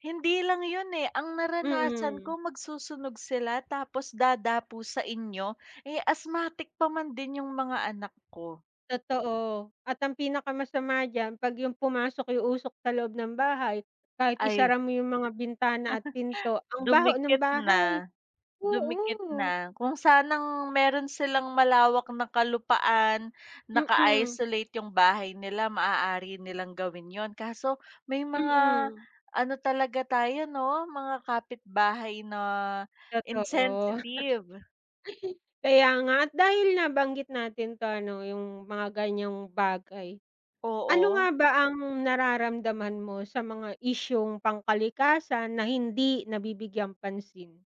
Hindi lang 'yon, eh, ang naranasan Mm. ko magsusunog sila, tapos dadapo sa inyo. Eh, asthmatic pa man din 'yong mga anak ko. Totoo at ang pinakamasama diyan 'pag 'yong pumasok 'yong usok sa loob ng bahay, kahit Ay isara mo 'yong mga bintana at pinto, ang baho ng Dumikit bahay. na. Dumikit Oo. na kung sanang mayro'n silang malawak na kalupaan. Mm. Naka-isolate 'yong bahay nila, maaari nilang gawin 'yon. Kaso may mga Mm. ano talaga tayo, 'no, mga kapitbahay na Totoo. insensitive. Kaya nga at dahil nabanggit natin 'to ano 'yong mga ganiyang bagay, ano nga Oo. ba ang nararamdaman mo sa mga isyung pangkalikasan na hindi nabibigyang pansin?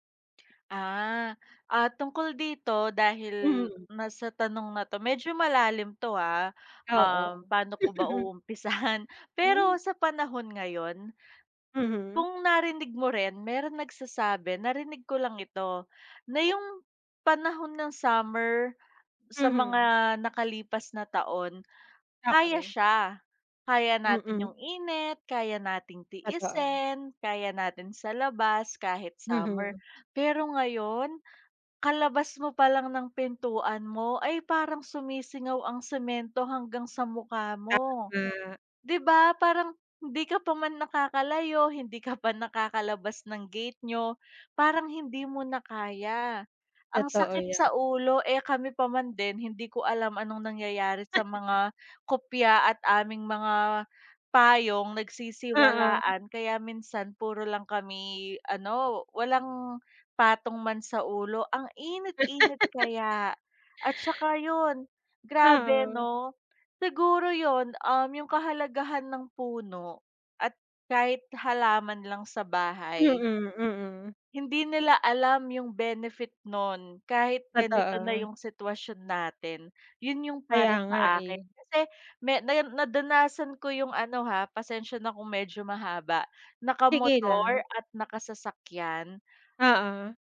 Ah. Ah, tungkol dito, dahil Mm. ma sa tanong na 'to, medyo malalim 'to, ah. Um, Oo. paano ko ba uumpisahan? Pero Hmm. sa panahon ngayon, Mhm. kung narinig mo rin mayro'n nagsasabi narinig ko lang ito, na 'yong panahon ng summer sa Mhm. mga nakalipas na taon, kaya Okey. siya. Kaya natin Mm. 'yong init, kaya nating Totoo. tiisin, kaya natin sa labas, kahit summer. Mhm. Pero ngayon, kalabas mo palang ng pintuan mo ay parang sumisingaw ang semento hanggang sa mukha mo. Tama. 'Di ba, parang hindi ka pa man nakakalayo, hindi ka pa nakakalabas ng gate niyo. Parang hindi mo na kaya ang Totoo sakit 'yan. sa ulo. Eh, kami pa man din hindi ko alam anong nangyayari sa mga kupya at aming mga payong Oo. nagsisiwalaan. Kaya minsan puro lang kami, ano, walang patong man sa ulo. Ang init-init kaya, at saka 'yon. Grabe Oo. 'no. Siguro 'yon, um, 'yong kahalagahan ng puno at kahit halaman lang sa bahay Mm, mm. hindi nila alam 'yong benefit no'n kahit ganito na Totoo. 'yong sitwasyon natin. 'Yon 'yong Kaya para nga, sa akin. eh. Kasi me nar nadanasan ko 'yong, ano, ha, pasensya na kung medyo mahaba, Sige lang. nakamotor at nakasasakyan Oo.